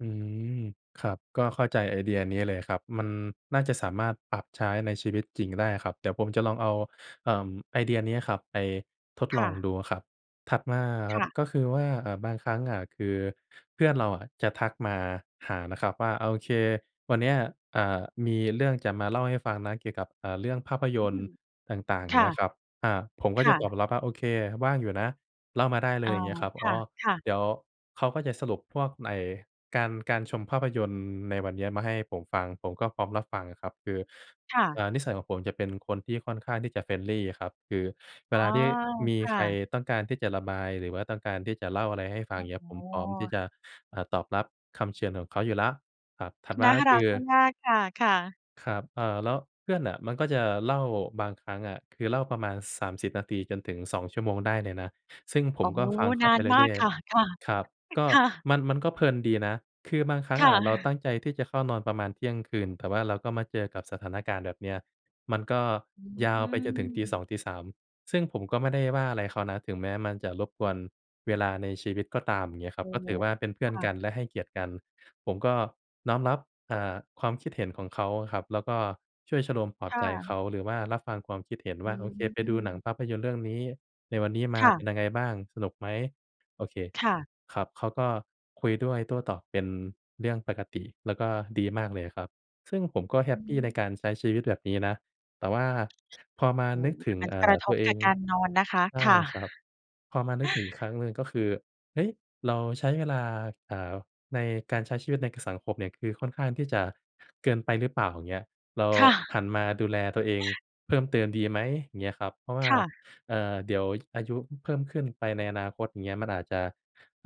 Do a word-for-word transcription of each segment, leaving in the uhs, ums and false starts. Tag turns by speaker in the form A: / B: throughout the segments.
A: อืม ครับ ก็เข้าใจไอเดียนี้เลยครับ มันน่าจะสามารถปรับใช้ในชีวิตจริงได้ครับ เดี๋ยวผมจะลองเอา เอ่อ ไอเดียเนี้ยครับไปทด
B: ค
A: ล
B: ่
A: อง
B: ะ
A: ดูครับ ถัดมาอะค
B: ค
A: รั
B: ่
A: บ
B: ะ
A: ก็คือว่า อะ บางครั้งอะ คือเพื่อนเราอะจะทักมาหานะครับว่า "โอเค วันเนี้ย อ่า มีเรื่องจะมาเล่าให้ฟังนะเกี่ยวกับ เอ่อ เรื่องภาพย
B: อื
A: นตร
B: ม
A: ์ต่าง ๆ"
B: ค
A: อย่าง
B: ่
A: เง
B: ะ
A: ี้ยครับ อ่า ผมก
B: ค
A: ็จ
B: ่
A: ะต
B: ะ
A: อบรับว่า "โอเค ว่างอยู่นะเล่ามาได้เล
B: อ้อ
A: ย" อย่างเงี้ยครับ
B: ค
A: อ๋อ
B: ่ะ ๆ
A: เดี๋ยวเขาก็จะสรุปพวกไอ้การ การชมภาพยนตร์ในวันเนี้ยมาให้ผมฟัง ผมก็พร้อมรับฟังอะครับ คือ
B: ค่
A: เ
B: ะ
A: อ่อ นิสัยของผมจะเป็นคนที่ค่อนข้างที่จะ friendly อะครับ คือเว
B: อ๋อ
A: ลาที่มี
B: ค่
A: ใคร
B: ะ
A: ต้องการที่จะระบาย หรือว่าต้องการที่จะเล่าอะไรให้ฟัง
B: โ
A: อ
B: อ
A: ย่
B: ้
A: างเงี
B: โ
A: ้
B: ฮ
A: ย ผมพร้อมที่จะ เอ่อ ตอบรับคำเชิญของเขาอยู่แล้ว ครับ ถัดม
B: น
A: า
B: ่า
A: ก็
B: ร
A: ค
B: ั
A: ื
B: ก
A: อ
B: มาก ๆ ค่ะ ๆ
A: ครับ เอ่อ แล้วเพื่อนน่ะมันก็จะเล่า บางครั้งอะ คือเล่าประมาณ สามสิบ นาทีจนถึง สอง ชั่วโมงได้เลยนะ ซึ่งผ
B: โอ้
A: ม
B: โ
A: ก
B: ฮ
A: ็ฟังเข
B: น
A: า
B: า
A: ไป
B: นม
A: เ
B: า
A: รื
B: ก
A: ่อย
B: ค่ะ ค่ะ
A: ๆ ครับ ก็
B: ค่ะ
A: มัน มันก็เพลินดีนะ คือบางครั้ง
B: ค
A: อ
B: ่
A: ะเรา
B: ะ
A: ตั้งใจที่จะเข้านอนประมาณเที่ยงคืน แต่ว่าเราก็มาเจอกับสถานการณ์แบบเนี้ย มันก็
B: อื
A: ยาวไปจนถึงตี สอ
B: ม
A: ง ตี สาม ซึ่งผมก็ไม่ได้ว่าอะไรเขานะ ถึงแม้มันจะรบกวนเวลาในชีวิตก็ตาม อย่างเงี้ยค
B: อ
A: รับ
B: ๋อ
A: ก็ถือว่าเป็นเพื่
B: ค
A: อ
B: ่
A: นก
B: ะ
A: ัน และให้เกียรติกัน ผมก็น้อมรับ อ่า ความคิดเห็นของเขาครับ แล้วก็ช่วยชโลมปลอบ
B: ค่
A: ใจเข
B: ะ
A: า หรือว่ารับฟังความคิดเห็น
B: อื
A: ว่า "โอเค ไปดูหนัง
B: ม
A: ภาพยนตร์เรื่องนี้ในวันนี้ม
B: ค
A: า
B: ่ะ
A: เป็นยังไงบ้าง สนุกไหม?" โอเค
B: ค่ะ
A: ครับ เขาก็คุยด้วยโต้ตอบเป็นเรื่องปกติ แล้วก็ดีมากเลยอะครับ ซึ่งผมก็แฮ
B: อื
A: ปปีใน
B: ม
A: การใช้ชีวิตแบบนี้นะ แต่ว่าพอมา
B: โอ้
A: นึก
B: โฮ
A: ถ
B: แต
A: ึ
B: ่
A: ง
B: มัน
A: เอ่
B: ก
A: อ
B: ระท
A: ตั
B: บ
A: วเอ
B: ก
A: ง
B: ะการนอนนะคะ
A: ใช่
B: ค่ะ
A: ครับ พอมานึกถึงอีกครั้งหนึ่งก็คือ "เฮ้ย เราใช้เวลา เอ่อ ในการใช้ชีวิตใน ก สังคมเนี่ย คือค่อนข้างที่จะเกินไปหรือเปล่า?" อย่างเงี้ย "เรา
B: ค่
A: ห
B: ะ
A: ันมาดูแลตัวเองเพิ่มเติมดีไหม?" อย่างเงี้ยครับ เพราะว่
B: ค
A: า
B: ่ะ
A: เอ่อ เดี๋ยวอายุเพิ่มขึ้นไปในอนาคตอย่างเงี้ย มันอาจจะ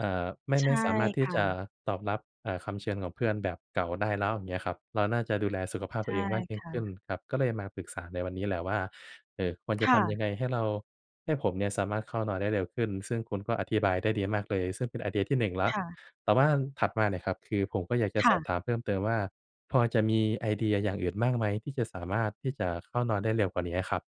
A: อ่า ไม่
B: ใช
A: ไม
B: ่
A: ่สามารถท
B: ค
A: ี่
B: ่
A: จะ
B: ะ
A: ตอบรับ เอ่อ คำเชิญของเพื่อนแบบเก่าได้แล้ว อย่างเงี้ยครับ เราน่าจะดูแลสุขภาพ
B: ใช
A: ตัว
B: ่
A: เองมากยิ
B: ค
A: ่ง
B: ่
A: ขึ้น
B: ะ
A: ครับ ก็เลยมาปรึกษาในวันนี้แหละว่า เอ่อ ควรจะ
B: ค
A: ท
B: ่ะ
A: ำยังไงให้เรา ให้ผมเนี่ยสามารถเข้านอนได้เร็วขึ้น ซึ่งคุณก็อธิบายได้ดีมากเลย ซึ่งเป็นไอเดียที่ หนึ่ง แล้
B: ค
A: ว
B: ่ะ
A: แต่ว่าถัดมาเนี่ยครับ คือผมก็อยากจะ
B: ค
A: ส
B: ่
A: อ
B: ะ
A: บถามเพิ่มเติมว่า พอจะมีไอเดียอย่างอื่นบ้างไหม ที่จะสามารถที่จะเข้านอนได้เร็วกว่านี้อะครับ?